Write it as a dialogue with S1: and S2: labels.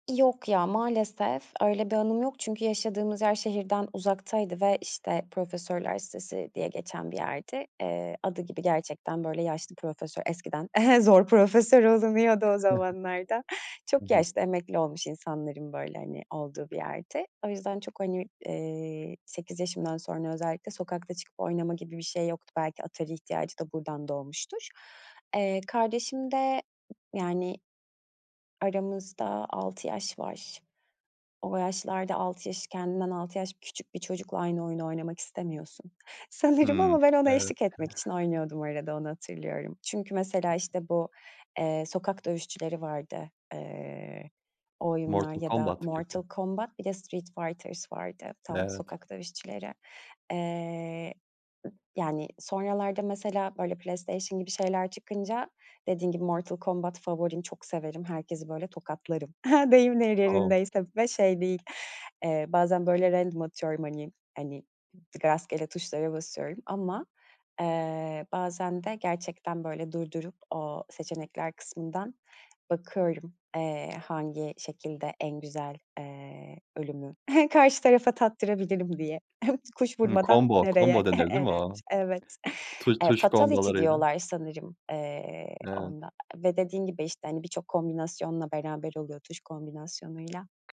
S1: Yok, ya, maalesef öyle bir anım yok, çünkü yaşadığımız yer şehirden uzaktaydı ve, işte, profesörler sitesi diye geçen bir yerdi. Eee, adı gibi gerçekten, böyle, yaşlı profesör eskiden zor profesör olunuyordu o zamanlarda.
S2: Hı
S1: Çok
S2: hı.
S1: yaşlı emekli olmuş insanların, böyle, hani, olduğu bir yerdi. O yüzden çok, hani, eee, 8 yaşımdan sonra özellikle sokakta çıkıp oynama gibi bir şey yoktu. Belki Atari ihtiyacı da buradan doğmuştur. Eee, kardeşimde, yani, aramızda 6 yaş var. O yaşlarda 6 yaş, kendinden 6 yaş küçük bir çocukla aynı oyunu oynamak istemiyorsun sanırım,
S2: Hımm,
S1: ama ben ona
S2: evet.
S1: eşlik etmek için oynuyordum arada onu hatırlıyorum. Çünkü, mesela, işte, bu, eee, sokak dövüşçüleri vardı, eee, o oyunlar
S2: Mortal
S1: ya da
S2: Combat gibi.
S1: Mortal Combat, bir de Street Fighters vardı, tam
S2: Evet.
S1: sokak dövüşçüleri. Eee, yani, sonralarda mesela, böyle, PlayStation gibi şeyler çıkınca, dediğin gibi Mortal Combat favorim çok severim, herkesi, böyle, tokatlarım deyim
S2: O!
S1: yerindeyse ve şey değil, eee, bazen, böyle, random atıyorum, hani, hani, rastgele tuşlara basıyorum ama, eee, bazen de gerçekten böyle durdurup o seçenekler kısmından bakıyorum, eee, hangi şekilde en güzel, eee, ölümü karşı tarafa tattırabilirim, diye. Kuş
S2: Hı,
S1: vurmadan
S2: combo combo
S1: nereye.
S2: denir, değil mi o?
S1: [unintelligible] Evet.
S2: Tu tuş
S1: Fatality
S2: combo'larıyla.
S1: diyorlar sanırım, eee,
S2: Evet.
S1: onda ve dediğin gibi, işte, hani, birçok kombinasyonla beraber oluyor, tuş kombinasyonuyla.